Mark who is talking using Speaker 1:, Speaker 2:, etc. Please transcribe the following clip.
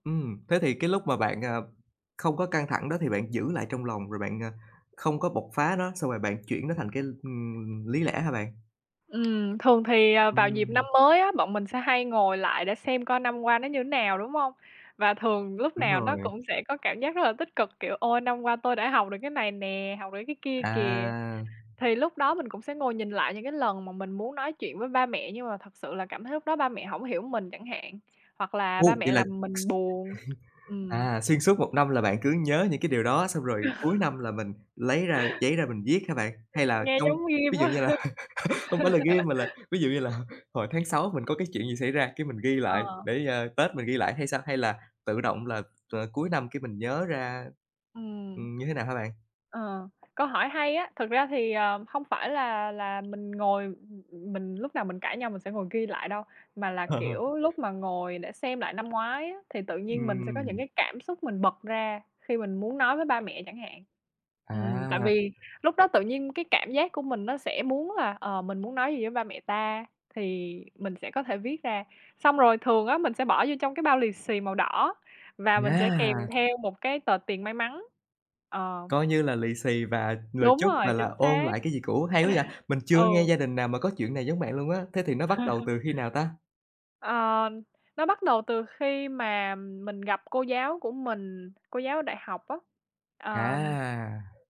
Speaker 1: Ừm, thế thì cái lúc mà bạn, à, không có căng thẳng đó thì bạn giữ lại trong lòng rồi bạn, à, không có bộc phá nó, xong rồi bạn chuyển nó thành cái, ừm, lý lẽ hả bạn?
Speaker 2: Ừm, thường thì, ờ, vào dịp
Speaker 1: Ừm.
Speaker 2: năm mới á, bọn mình sẽ hay ngồi lại để xem coi năm qua nó như thế nào, đúng hông? Và thường lúc
Speaker 1: Đúng
Speaker 2: nào
Speaker 1: rồi.
Speaker 2: nó cũng sẽ có cảm giác rất là tích cực, kiểu: "Ôi, năm qua tôi đã học được cái này nè, học được cái kia kìa."
Speaker 1: À.
Speaker 2: Thì lúc đó mình cũng sẽ ngồi nhìn lại những cái lần mà mình muốn nói chuyện với ba mẹ, nhưng mà thật sự là cảm thấy lúc đó ba mẹ hổng hiểu mình chẳng hạn, hoặc là ba
Speaker 1: Ồ!
Speaker 2: mẹ
Speaker 1: Vậy là,
Speaker 2: làm mình buồn. Ừm.
Speaker 1: à, xuyên suốt 1 năm là bạn cứ nhớ những cái điều đó xong rồi cuối năm là mình lấy ra giấy ra mình viết hả bạn?
Speaker 2: Ừm,
Speaker 1: Hay là
Speaker 2: nghe
Speaker 1: trong
Speaker 2: giống ghim
Speaker 1: ví dụ
Speaker 2: quá
Speaker 1: như
Speaker 2: ha!
Speaker 1: là hông phải là ghi mà là ví dụ như là hồi tháng Sáu mình có cái chuyện gì xảy ra cái mình ghi lại
Speaker 2: Ờ.
Speaker 1: để, ờ, Tết mình ghi lại hay sao, hay là tự động là, à, cuối năm cái mình nhớ ra
Speaker 2: Ừm.
Speaker 1: ừm, như thế nào hả bạn?
Speaker 2: Ờ, câu hỏi hay á, thực ra thì, ờ, hông phải là là mình ngồi ừm, ừm, mình lúc nào mình cãi nhau mình sẽ ngồi ghi lại đâu, mà là, kiểu, lúc mà ngồi để xem lại năm ngoái á, thì tự nhiên mình sẽ có những
Speaker 1: Ừm.
Speaker 2: cái cảm xúc mình bật ra khi mình muốn nói với ba mẹ chẳng hạn. Ừm, tại
Speaker 1: À!
Speaker 2: vì lúc đó tự nhiên cái cảm giác của mình nó sẽ muốn là "Ờ, mình muốn nói gì với ba mẹ ta?" thì mình sẽ có thể viết ra. Xong rồi thường á mình sẽ bỏ vô trong cái bao lì xì màu đỏ và mình sẽ kèm
Speaker 1: Yeah!
Speaker 2: theo một cái tờ tiền may mắn, ờ.
Speaker 1: Coi như là lì xì và lời
Speaker 2: Đúng
Speaker 1: chúc
Speaker 2: rồi,
Speaker 1: và là
Speaker 2: chính
Speaker 1: ôn
Speaker 2: xác.
Speaker 1: lại cái gì cũ, hay quá vậy, mình chưa nghe
Speaker 2: Ừ.
Speaker 1: gia đình nào mà có chuyện này giống bạn luôn á, thế thì nó bắt đầu từ khi nào ta?
Speaker 2: Ờ, nó bắt đầu từ khi mà mình gặp cô giáo của mình, cô giáo đại học á. Ờm.
Speaker 1: À!